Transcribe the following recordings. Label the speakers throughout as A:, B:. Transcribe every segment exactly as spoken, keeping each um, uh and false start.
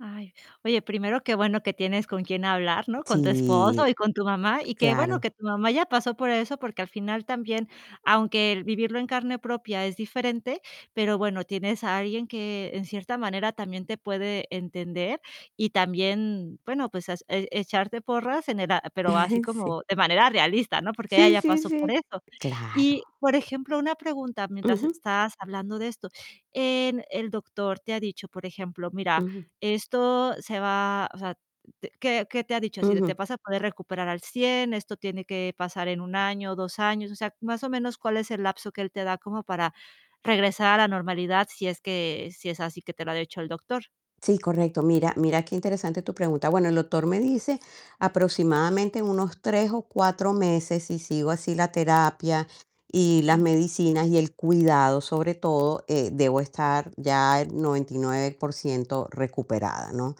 A: Ay, oye, primero qué bueno que tienes con quién hablar, ¿no? Con tu
B: Sí,
A: esposo y con tu mamá y que bueno que
B: claro.
A: tu mamá ya pasó por eso, porque al final también, aunque el vivirlo en carne propia es diferente, pero bueno, tienes a alguien que en cierta manera también te puede entender y también, bueno, pues has e echarte porras en el a pero así
B: Sí.
A: como de manera realista, ¿no? Porque ella
B: Sí,
A: ya
B: sí,
A: pasó por
B: sí,
A: eso. Y
B: claro.
A: por ejemplo, una pregunta mientras
B: Ujú.
A: estás hablando de esto. En el doctor te ha dicho, por ejemplo: "Mira,
B: Ujú.
A: esto se va", o sea, te ¿qué qué te ha dicho? Así de: "Te
B: Ujú.
A: vas a poder recuperar al cien, esto tiene que pasar en un año, dos años". O sea, más o menos, ¿cuál es el lapso que él te da como para regresar a la normalidad, si es que, si es así que te lo ha dicho el doctor?
B: Sí, correcto. Mira mira qué interesante tu pregunta. Bueno, el doctor me dice aproximadamente en unos tres o cuatro meses, si sigo así la terapia y las
A: Ujú.
B: medicinas y el cuidado, sobre todo, eh, debo estar ya el noventa y nueve por ciento recuperada, ¿no?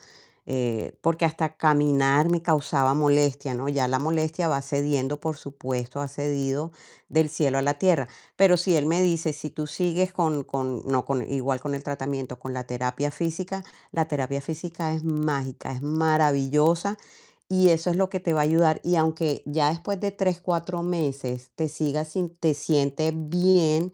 B: Eh, porque hasta caminar me causaba molestia, ¿no? Ya la molestia va cediendo, por supuesto, ha cedido del cielo a la tierra. Pero si él me dice: "Si tú sigues con con, no con igual con el tratamiento, con la terapia física, la terapia
A: Sí.
B: física es mágica, es maravillosa y eso es lo que te va a ayudar". Y aunque ya después de tres, cuatro meses te sigas sin te sientes bien,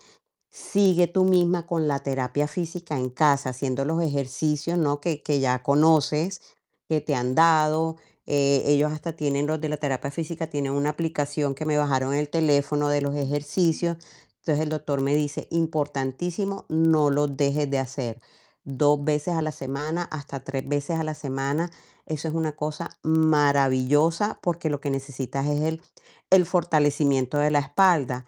B: sigue tú misma con la terapia física en casa, haciendo los ejercicios, ¿no?, que que ya conoces, que te han dado. Eh, ellos hasta tienen, los de la terapia física, tienen una aplicación que me bajaron el teléfono de los
A: Ujú.
B: ejercicios. Entonces, el doctor me dice: "Importantísimo, no lo dejes de hacer dos veces a la semana, hasta tres veces a la semana, eso es una cosa maravillosa, porque lo que necesitas es el el fortalecimiento de la espalda".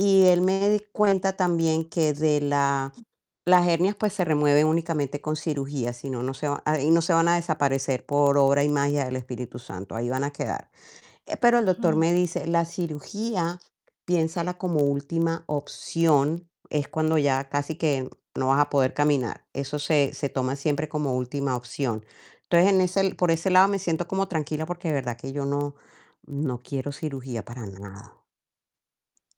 B: Y él me di cuenta también que de la
A: Ujú.
B: las hernias, pues se remueven únicamente con cirugía, si no, no se va ahí no se van a desaparecer por obra y magia del espíritu santo, ahí van a quedar. Pero el doctor
A: Ujú.
B: me dice: "La cirugía piénsala como última opción, es cuando ya casi que no vas a poder caminar". Eso se se toma siempre como última opción. Entonces, en ese por ese lado me siento como tranquila, porque de verdad que yo no no quiero cirugía para nada.